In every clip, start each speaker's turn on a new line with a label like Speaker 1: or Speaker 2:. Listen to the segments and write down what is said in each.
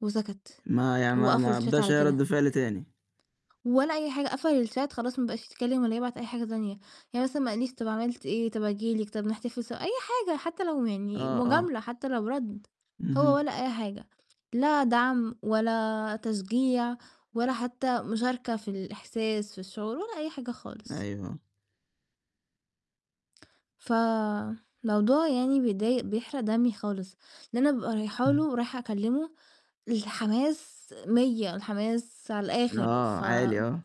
Speaker 1: وسكت،
Speaker 2: ما يع ما
Speaker 1: وقفل
Speaker 2: ما
Speaker 1: الchat
Speaker 2: إدّاش
Speaker 1: على
Speaker 2: أي رَد
Speaker 1: كده.
Speaker 2: فعل تاني.
Speaker 1: ولا أي حاجة، قفل الchat خلاص ما بقاش يتكلّم ولا يبعت أي حاجة تانية، يعني مثلًا ما قال ليش طَب عملت إيه، طَب آجي لِك، طَب نحتفل سوا، أي حاجة حتّى لو يعني
Speaker 2: آه، آه.
Speaker 1: مجاملة حتّى لو رَد، هو
Speaker 2: اهم.
Speaker 1: ولا أي حاجة، لا دعم ولا تشجيع ولا حتّى مشاركة في الإحساس في الشعور، ولا أي حاجة خالص.
Speaker 2: أيوه.
Speaker 1: ف موضوع يعني بيضايق بيحرق دمي خالص، ده أنا بابقى رايحة
Speaker 2: اهم.
Speaker 1: له، رايحة أكلّمه، الحماس 100 الحماس على الآخر،
Speaker 2: آه،
Speaker 1: ف
Speaker 2: عالي آه.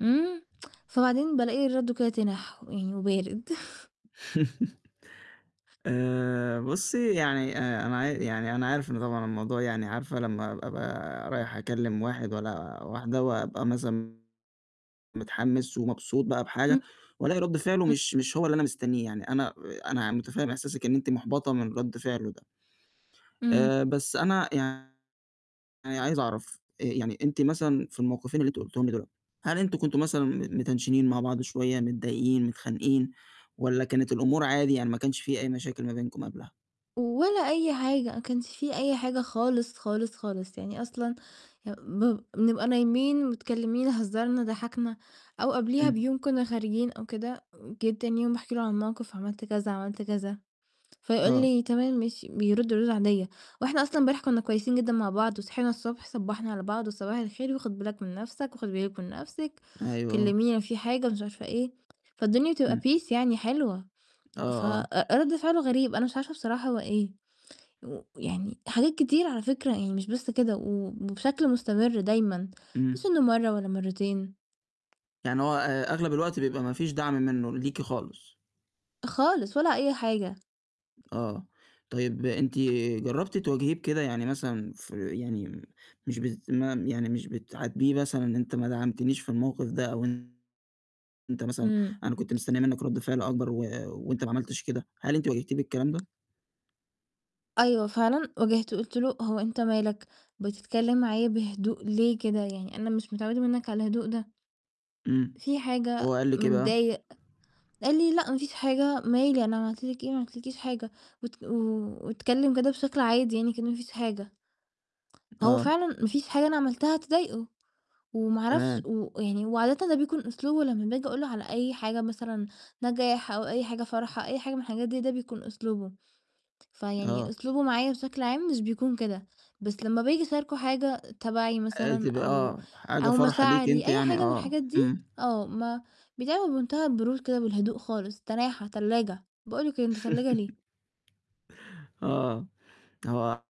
Speaker 1: إمم، فبعدين بالاقي رَدُّه كده تنح، ويعني وبارد؟
Speaker 2: آآ، بُصّي يعني آآ أنا عا يعني أنا عارف إنه طبعًا الموضوع يعني عارفة لمّا أبقى رايح أكلّم واحد والّا واحدة وأبقى مثلًا متحمس ومبسوط بقى بحاجة،
Speaker 1: إمم،
Speaker 2: والاقي رَد فعله
Speaker 1: إمم.
Speaker 2: مش مش هو اللي أنا مستنيه، يعني أنا أنا متفهِّم إحساسِك إن أنتِ محبطة من رَد فعله ده،
Speaker 1: إمم.
Speaker 2: آآ بس أنا يعني عايز أعرف آآ يعني أنتِ مثلًا في الموقِفين اللي أنتِ قُلتيهم لي دُول، هل أنتم كنتم مثلًا م متنشنين مع بعض شوية، متضايقين متخانقين؟ والّا كانت الأمور عادي يعني ما كانش في أي مشاكل ما بينكم قبلها؟
Speaker 1: ولا أي حاجة، ما كانش في أي حاجة خالص، خالص، خالص. يعني أصلًا، يب بب بنبقى نايمين، متكلمين، هزّرنا، ضحكنا، أو قبليها
Speaker 2: إمم.
Speaker 1: بيوم كنّا خارجين أو كده، جيت تاني يوم باحكي له عن الموقِف عملت كذا، عملت كذا، فيقُول
Speaker 2: آه.
Speaker 1: لي: "تمام ماشي" بيرُد ردود عادية، وإحنا أصلًا امبارح كنّا كويسين جدًا مع بعض وصحينا الصبح صبّحنا على بعض "وصباح الخير وخُد بالك من نَفْسك." "وخُدي بالِك من نَفْسِك،
Speaker 2: أيوه، آه.
Speaker 1: وكلّميني لو في حاجة،" مش عارفة إيه، فالدنيا بتبقى
Speaker 2: إمم.
Speaker 1: peace يعني حلوة،
Speaker 2: آه،
Speaker 1: ف
Speaker 2: آه.
Speaker 1: أ رَد فعله غريب أنا مش عارفة بصراحة هو إيه، ويعني حاجات كتير على فكرة يعني مش بس كده و وبشكل مستمر دايمًا، مش
Speaker 2: إمم.
Speaker 1: إنه مَرّة والّا مرّتين.
Speaker 2: يعني هو أ أغلب الوقت بيبقى ما فيش دعم مِنّه ليكِ خالص.
Speaker 1: خالص، ولا أي حاجة.
Speaker 2: آه، طيب أنتِ جرّبتِ تواجهيه بكده؟ يعني مثلًا في يعني، مش بس ما يعني مش بتعاتبيه مثلًا أنت ما دعمتنيش في الموقِف ده أو أنت مثلًا
Speaker 1: إمم.
Speaker 2: أنا كنت مستنية مِنّك رَد فعل أكبر و وأنت ما عملتش كده، هل أنتِ واجهتيه بالكلام ده؟
Speaker 1: أيوه فعلًا واجهته وقُلت له: "هو أنت مالك؟ بتتكلّم معايا بهدوء ليه كده؟ يعني أنا مش متعوّدة مِنّك على الهدوء ده."
Speaker 2: إمم،
Speaker 1: "في
Speaker 2: هو
Speaker 1: حاجة؟
Speaker 2: قال لِك إيه بقى؟
Speaker 1: متضايق؟" قال لي: "لأ ما فيش حاجة، مالي! أنا عملت لِك إيه؟ ما عملت لكيش حاجة" وات واتكلّم كده بشكل عادي يعني كإن ما فيش حاجة. هو
Speaker 2: آه.
Speaker 1: فعلًا ما فيش حاجة أنا عملتها تضايقه، وما أعرفش
Speaker 2: تمام.
Speaker 1: و يعني وعادةً ده بيكون أسلوبه لمّا باجي أقُول له على أي حاجة مثلًا نجاح أو أي حاجة فرحة، أي حاجة من الحاجات دي ده بيكون أسلوبه، فيعني
Speaker 2: آه.
Speaker 1: أسلوبه معايا بشكل عام مش بيكون كده، بس لمّا باجي أشاركة حاجة تبعي
Speaker 2: حياتي
Speaker 1: مثلًا
Speaker 2: ب
Speaker 1: أو
Speaker 2: آه، حاجة
Speaker 1: أو
Speaker 2: فرحة ليكِ
Speaker 1: مشاعري
Speaker 2: أنتِ
Speaker 1: أي
Speaker 2: يعني
Speaker 1: حاجة من
Speaker 2: آه،
Speaker 1: الحاجات دي،
Speaker 2: إمم.
Speaker 1: آه، ما بيتعامِل بمنتهى البرود كده والهدوء خالص، تناحة، تلّاجة، باقُول له كده: "أنت تلّاجة ليه؟"
Speaker 2: آه، هو